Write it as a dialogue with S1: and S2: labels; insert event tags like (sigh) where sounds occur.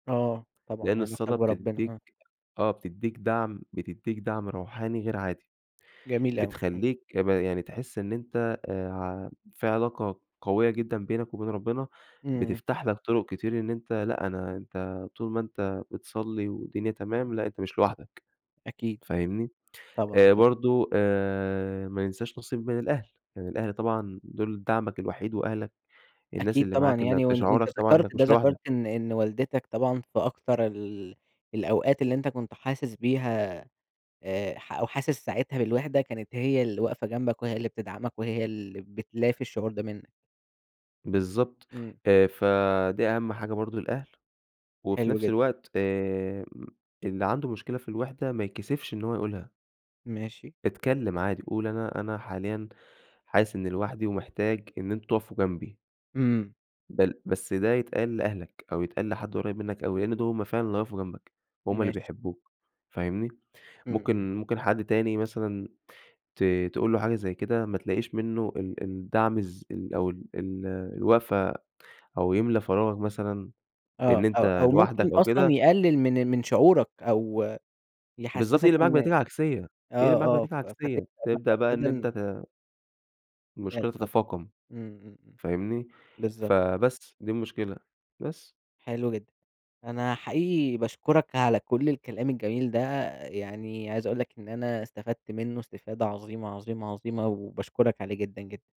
S1: آه،
S2: لأن
S1: طبعًا علاقتك
S2: الصلاة
S1: بربنا آه.
S2: بتديك آه بتديك دعم، بتديك دعم روحاني غير عادي،
S1: جميل أوي، إمم.
S2: بتخلّيك ب يعني تحس إن أنت آآ، ع في علاقة قوية جدًا بينك وبين ربنا،
S1: إمم.
S2: بتفتح لك طرق كتير إن أنت لأ أنا انت طول ما أنت بتصلي، والدنيا تمام لأ أنت مش لوحدك،
S1: أكيد،
S2: فاهمني؟
S1: طبعًا
S2: آآ،
S1: طب
S2: برضو آآ، ما ننساش نصيب من الأهل، يعني الأهل طبعًا دول دعمك الوحيد، وأهلك الناس
S1: أكيد
S2: اللي
S1: طبعًا
S2: معاك اللي
S1: يعني، وأن
S2: بتشعرك
S1: وأنت
S2: طبعًا
S1: ذكرت
S2: إنك
S1: ده،
S2: مش
S1: ذكرت
S2: لوحدك.
S1: إن إن والدتك طبعًا في أكتر ال الأوقات اللي أنت كنت حاسس بيها، آآ، ح أو حاسس ساعتها بالوحدة، كانت هي اللي واقفة جنبك، وهي اللي بتدعمك وهي اللي بتلافي الشعور ده منك.
S2: بالضبط،
S1: إمم.
S2: آآ، فدي أهم حاجة برضو الأهل، وفي
S1: حلو
S2: نفس
S1: جدًا.
S2: الوقت آآ، اللي عنده مشكلة في الوحدة ما يتكسفش إن هو يقولها.
S1: ماشي.
S2: اتكلم عادي، قُل أنا أنا حاليًا حاسس إني لوحدي ومحتاج إن أنتم تقفوا جنبي.
S1: إمم.
S2: بل بس ده يتقال لأهلك أو يتقال لحد قريّب منك أوي، لأن دول هُم فعلًا اللي هيقفوا جنبك، هُم اللي
S1: ماشي.
S2: بيحبوك فاهمني؟
S1: إمم إمم.
S2: ممكن ممكن حد تاني مثلًا ت تقول له حاجة زي كده ما تلاقيش منه ال الدعم الز ال أو ال ال الوقفة، أو يملى فراغك مثلًا إن
S1: آه، أو
S2: أنت
S1: أو
S2: لوحدك
S1: ممكن
S2: أو
S1: أصلًا
S2: كده
S1: يقلل من من شعورك، أو
S2: بالضبط
S1: يحسسك
S2: يقلب معاك بنتيجة
S1: إن
S2: عكسية،
S1: آه
S2: يقلب معاك
S1: آه،
S2: بنتيجة
S1: ف
S2: عكسية، تبدأ بقى إن أنت
S1: (unintelligible)
S2: ت المشكلة
S1: اتفضل،
S2: تتفاقم،
S1: إمم إمم إمم،
S2: فاهمني؟
S1: بالضبط.
S2: فبس دي المشكلة، بس.
S1: حلو جدًا، أنا حقيقي باشكرك على كل الكلام الجميل ده، يعني عايز أقول لك إن أنا استفدت منه استفادة عظيمة، عظيمة، عظيمة، وباشكرك عليه جدًا جدًا.